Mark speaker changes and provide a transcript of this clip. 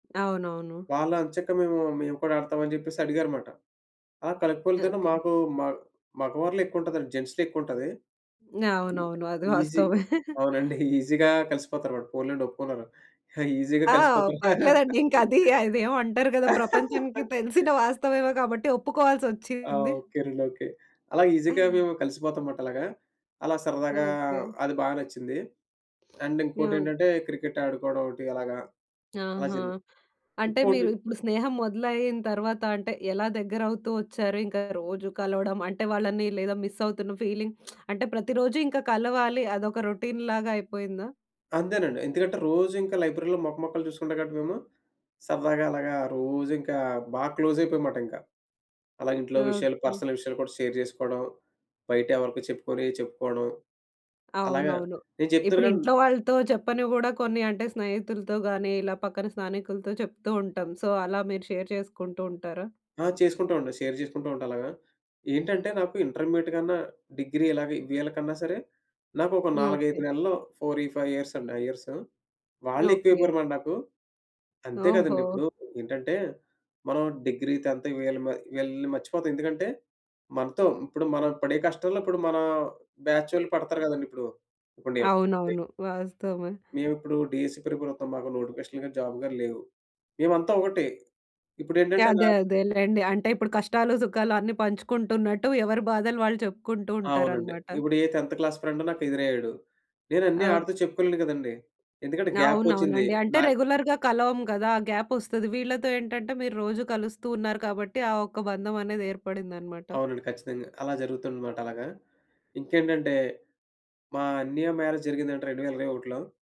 Speaker 1: అవునవును.
Speaker 2: వాళ్ళు ఎంచక్క మేము మేము కూడా ఆడతాం అని చెప్పేసి అడిగారన్నమాట. ఆ కలిపూకోలుతోను
Speaker 1: ఓకే.
Speaker 2: మాకు మా మగవారిలో ఎక్కువ ఉంటదండి. జెంట్స్‌లో ఎక్కువుంటది.
Speaker 1: అవునవును. అది
Speaker 2: ఈజీ
Speaker 1: వాస్తవమే.
Speaker 2: అవునండి. ఈజీగా కలిసిపోతారు పోన్లెండి ఒప్పుకున్నారు. ఈజీగా
Speaker 1: ఆ!
Speaker 2: కలిసిపోతారు.
Speaker 1: పర్లేదండి ఇంక అది అది ఏమో అంటారు కదా! ప్రపంచానికి తెలిసిన వాస్తవమే కాబట్టి
Speaker 2: ఆ!
Speaker 1: ఒప్పుకోవాల్సొచ్చింది.
Speaker 2: ఓకేనండి. ఓకే. అలా ఈజీగా మేము కలిసిపోతాం మటా అలాగా అలా సరదాగా
Speaker 1: ఓకే.
Speaker 2: అది బాగా నచ్చింది. అండ్ ఇంకోటి
Speaker 1: ఆ!
Speaker 2: ఏంటంటే, క్రికెట్ ఆడుకోవడం ఒకటి అలాగా, అలా
Speaker 1: ఆహా!
Speaker 2: జరిగి
Speaker 1: అంటే
Speaker 2: ఇంకోటి
Speaker 1: మీరు, ఇప్పుడు స్నేహం మొదలయిన తరువాత అంటే, ఎలా దగ్గర అవుతూ వచ్చారు. ఇంకా రోజు కలవడం, అంటే వాళ్ళని లేదా మిస్ అవుతున్న ఫీలింగ్ అంటే ప్రతిరోజు ఇంకా కలవాలి. అదొక రొటీన్ లాగా అయిపోయిందా?
Speaker 2: అంతేనండి. ఎందుకంటే, రోజు ఇంకా లైబ్రరీ‌లో మొక, మొకాలు చూసుకుంటాం కాబట్టి మేము సరదాగా అలాగా రోజు ఇంకా బాగా క్లోజ్ అయిపోయాం అన్నమాట ఇంకా. అలాగే ఇంట్లో విషయాలు
Speaker 1: ఓకే.
Speaker 2: పర్సనల్ విషయాలు కూడా షేర్ చేసుకోవడం, బయట ఎవరికి చెప్పుకునే చెప్పుకోవడం. అలాగా
Speaker 1: అవునవును.
Speaker 2: నేను చెప్తున్నాను
Speaker 1: ఇప్పుడు
Speaker 2: గాని
Speaker 1: ఇంట్లో వాళ్ళతో చెప్పనివి కూడా కొన్ని అంటే స్నేహితులతో గాని, ఇలా పక్కన స్థానికులతో చెప్తూ ఉంటాం సో, అలా మీరు షేర్ చేసుకుంటూ ఉంటారా?
Speaker 2: ఆ! చేసుకుంటామండి. షేర్ చేసుకుంటాం. అలాగా ఏంటంటే, నాకు ఇంటర్మీడియట్ కన్నా డిగ్రీ ఇలాగ వీళ్ళకన్నా సరే! నాకు ఒక 4, 5
Speaker 1: ఓకే.
Speaker 2: నెలల్లో 4, 5 ఇయర్స్ అండి. ఆ ఇయర్స్ వాళ్ళే ఎక్కువ
Speaker 1: ఓకే.
Speaker 2: అయిపోరు నాకు. అంతే కదండీ
Speaker 1: ఓహో!
Speaker 2: ఇప్పుడు ఏంటంటే, మనం డిగ్రీ, 10థ్ వీళ్ళ వీళ్ళని మర్చిపోతాం ఎందుకంటే మనతో ఇప్పుడు మనం పడే కష్టంలో ఇప్పుడు మన బ్యాచోళ్ళు పడతారు కదండి ఇప్పుడు ఇప్పుడు నేను
Speaker 1: అవునవును. వాస్తవమే.
Speaker 2: మేము ఇప్పుడు డీఎస్సీ ప్రిపేర్ అవుతాం. మాకు నోటిఫికేషన్లు గాని, జాబ్ గాని లేవు. మేమంతా ఒకటి ఇప్పుడు ఏంటంటే నా
Speaker 1: అదే అదేలెండి. అంటే ఇప్పుడు కష్టాలు సుఖాలు అన్ని పంచుకుంటున్నట్టు ఎవరి బాధలు వాళ్ళు చెప్పుకుంటూ
Speaker 2: అవునండి.
Speaker 1: ఉంటారన్నమాట.
Speaker 2: ఇప్పుడు ఏ 10థ్ క్లాస్ ఫ్రెండ్ నాకు ఎదురయ్యాడు, నేను అన్నీ
Speaker 1: అవ్
Speaker 2: ఆడితో చెప్పుకోలేను కదండీ. ఎందుకంటే, గ్యాప్ వచ్చింది
Speaker 1: అవునవునండి. అంటే
Speaker 2: నాక్
Speaker 1: రెగ్యులర్‌గా కలవము కదా! ఆ గ్యాప్ వస్తది. వీళ్ళతో ఏంటంటే, మీరు రోజు కలుస్తూ ఉన్నారు కాబట్టి ఆ ఒక్క బంధం అనేది ఏర్పడిందన్నమాట.
Speaker 2: అవునండి. ఖచ్చితంగా! అలా జరుగుతుందన్నమాట అలాగా. ఇంకేంటంటే, మా అన్నయ్య మ్యారేజ్ జరిగిందంట 2021 లో.